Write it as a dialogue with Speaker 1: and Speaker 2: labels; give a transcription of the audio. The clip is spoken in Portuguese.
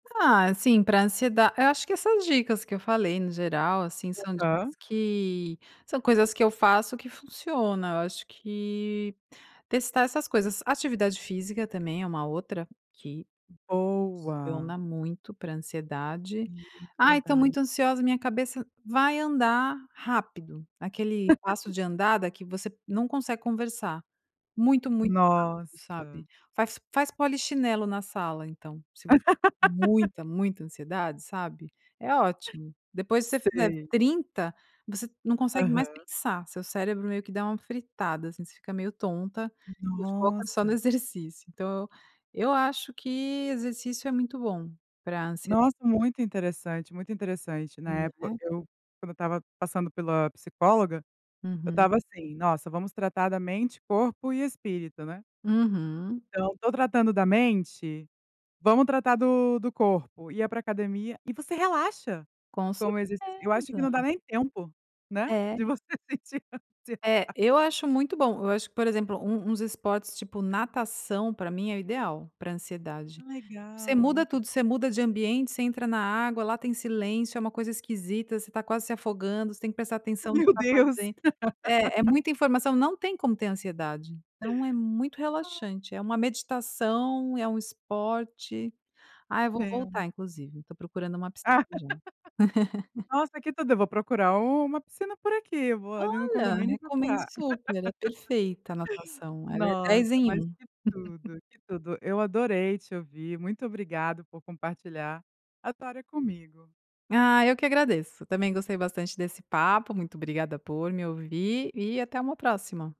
Speaker 1: Ah, assim, para ansieda eu acho que essas dicas que eu falei no geral, assim, são
Speaker 2: Aham.
Speaker 1: dicas que são coisas que eu faço que funciona, eu acho que testar essas coisas, atividade física também é uma outra que
Speaker 2: Boa.
Speaker 1: funciona muito para ansiedade. "Ai estou
Speaker 2: Verdade.
Speaker 1: muito ansiosa minha cabeça, vai andar rápido", aquele passo de andar daqui você não consegue conversar, muito, muito rápido,
Speaker 2: Nossa.
Speaker 1: sabe? Faz faz polichinelo na sala então, você com muita muita ansiedade, sabe? É ótimo. Depois que você fizer
Speaker 2: Sei.
Speaker 1: 30, você não consegue mais
Speaker 2: Aham.
Speaker 1: pensar, seu cérebro meio que dá uma fritada, assim, você fica meio tonta, foca só
Speaker 2: Nossa.
Speaker 1: no exercício, então eu eu acho que exercício é muito bom pra ansiedade.
Speaker 2: Nossa, muito interessante, muito interessante, na
Speaker 1: Hum,
Speaker 2: época,
Speaker 1: né.
Speaker 2: eu quando eu estava passando pela psicóloga, eu
Speaker 1: Uhum.
Speaker 2: estava assim, nossa vamos tratar da mente, corpo e espírito, né?
Speaker 1: Uhum.
Speaker 2: Então tô tratando da mente, vamos tratar do do corpo, ia para academia e você relaxa,
Speaker 1: Com
Speaker 2: com o exercício. Eu acho que não dá
Speaker 1: certeza.
Speaker 2: nem tempo, né?
Speaker 1: É.
Speaker 2: De você sentir. [unintelligible]
Speaker 1: É, eu acho muito bom, eu acho que, por exemplo, um uns esportes tipo natação para mim é o ideal para
Speaker 2: É
Speaker 1: ansiedade, você
Speaker 2: legal, é
Speaker 1: muda
Speaker 2: muito
Speaker 1: tudo,
Speaker 2: bom.
Speaker 1: você muda de ambiente, você entra na água, lá tem silêncio, é uma coisa esquisita, você tá quase se afogando, você tem que prestar atenção no que
Speaker 2: Meu
Speaker 1: você está
Speaker 2: Deus.
Speaker 1: fazendo, é é muita informação, não tem como ter ansiedade, então é muito relaxante, é uma meditação, é um esporte, ah, eu vou
Speaker 2: Tem.
Speaker 1: voltar inclusive, estou procurando uma piscina já.
Speaker 2: Nossa, tudo eu vou procurar uma piscina por aqui, vou ali no
Speaker 1: Olha,
Speaker 2: condomínio e
Speaker 1: recomendo
Speaker 2: procurar.
Speaker 1: super é perfeita a anotação, ela é
Speaker 2: Nossa,
Speaker 1: 10 em
Speaker 2: mas
Speaker 1: 1.
Speaker 2: que tudo, tudo, eu adorei te ouvir, muito obrigada por compartilhar, a história comigo.
Speaker 1: Ah, eu que agradeço, também gostei bastante desse papo, muito obrigada por me ouvir, e até uma próxima.